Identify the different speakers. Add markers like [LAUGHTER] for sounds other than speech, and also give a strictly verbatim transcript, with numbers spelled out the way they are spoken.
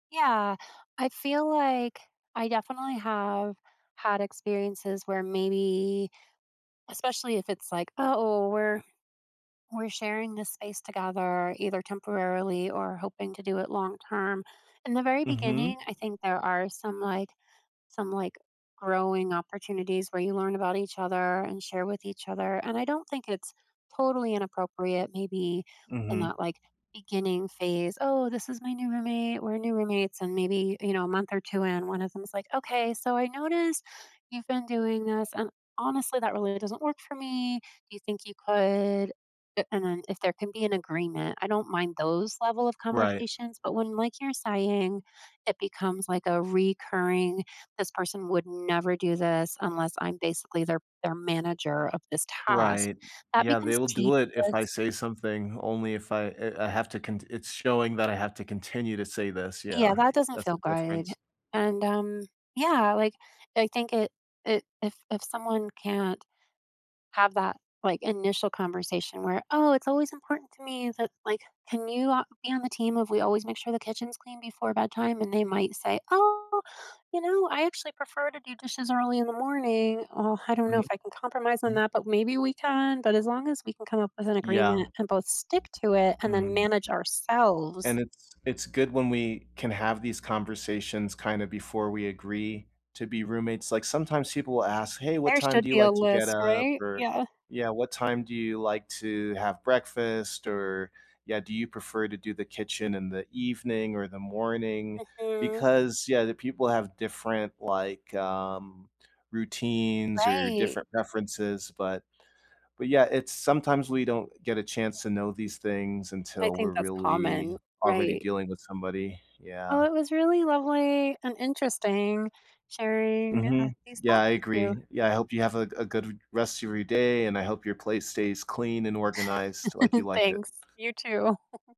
Speaker 1: Yeah, I feel like I definitely have had experiences where maybe, especially if it's like, "Oh, we're we're sharing this space together either temporarily or hoping to do it long-term." In the very
Speaker 2: Mhm.
Speaker 1: beginning, I think there are some, like some, like, growing opportunities where you learn about each other, and share with each other, and I don't think it's totally inappropriate maybe in
Speaker 2: Mhm.
Speaker 1: that, like, beginning phase. "Oh, this is my new roommate. We're new roommates," and maybe, you know, a month or two in, one of them is, like, "Okay, so I noticed, you've been doing this, and honestly, that really doesn't work for me. Do you think you could" a and then if there can be an agreement, I don't mind those level of
Speaker 2: Right.
Speaker 1: conversations, but when, like you're saying, it becomes, like, a recurring this person would never do this unless I'm basically their their manager of this task,
Speaker 2: Right.
Speaker 1: that
Speaker 2: Yeah, they
Speaker 1: becomes
Speaker 2: will do it if I
Speaker 1: tedious.
Speaker 2: say something, only if I, eh I have to cont it's showing that I have to continue to say this,
Speaker 1: Yeah,
Speaker 2: yeah.
Speaker 1: that doesn't
Speaker 2: That's
Speaker 1: feel
Speaker 2: the
Speaker 1: good,
Speaker 2: difference.
Speaker 1: and, um, yeah, like, I think it it if if someone can't have that, like, initial conversation where, "Oh, it's always important to me that like, can you a be on the team of we always make sure the kitchen's clean before bedtime?" And they might say, "Oh, you know, I actually prefer to do dishes early in the morning." "Oh, I don't know
Speaker 2: Mhm.
Speaker 1: if I can compromise on
Speaker 2: Mm.
Speaker 1: that, but maybe we can," but as long as we can come up with an agreement
Speaker 2: Yeah.
Speaker 1: and both stick to it and then
Speaker 2: Mhm,
Speaker 1: manage
Speaker 2: and
Speaker 1: ourselves
Speaker 2: it's it's good when we can have these conversations kinda before we agree to be roommates, like, sometimes people will ask, "Hey, what
Speaker 1: There
Speaker 2: time
Speaker 1: should
Speaker 2: do you
Speaker 1: be a
Speaker 2: like to get
Speaker 1: list,
Speaker 2: up?"
Speaker 1: right?
Speaker 2: or
Speaker 1: Yeah.
Speaker 2: "Yeah, what time do you like to have breakfast?" or "Yeah, do you prefer to do the kitchen in the evening or the morning?"
Speaker 1: Mhm.
Speaker 2: Because Yeah, the people have different, like, um, routines or
Speaker 1: Right.
Speaker 2: different preferences, but but, yeah, it's sometimes we don't get a chance to know these things
Speaker 1: I
Speaker 2: until we're
Speaker 1: think that's
Speaker 2: really,
Speaker 1: common,
Speaker 2: already
Speaker 1: right.
Speaker 2: dealing with somebody,
Speaker 1: Oh,
Speaker 2: yeah.
Speaker 1: it was really lovely and interesting sharing, uh,
Speaker 2: Mhm.
Speaker 1: these
Speaker 2: Yeah,
Speaker 1: thoughts
Speaker 2: I
Speaker 1: with you.
Speaker 2: agree. Yeah, I hope you have a g a good v rest of your day, and I hope your place stays clean and organized like you
Speaker 1: [CHUCKLES]
Speaker 2: like it.
Speaker 1: Thanks. You too. [CHUCKLES]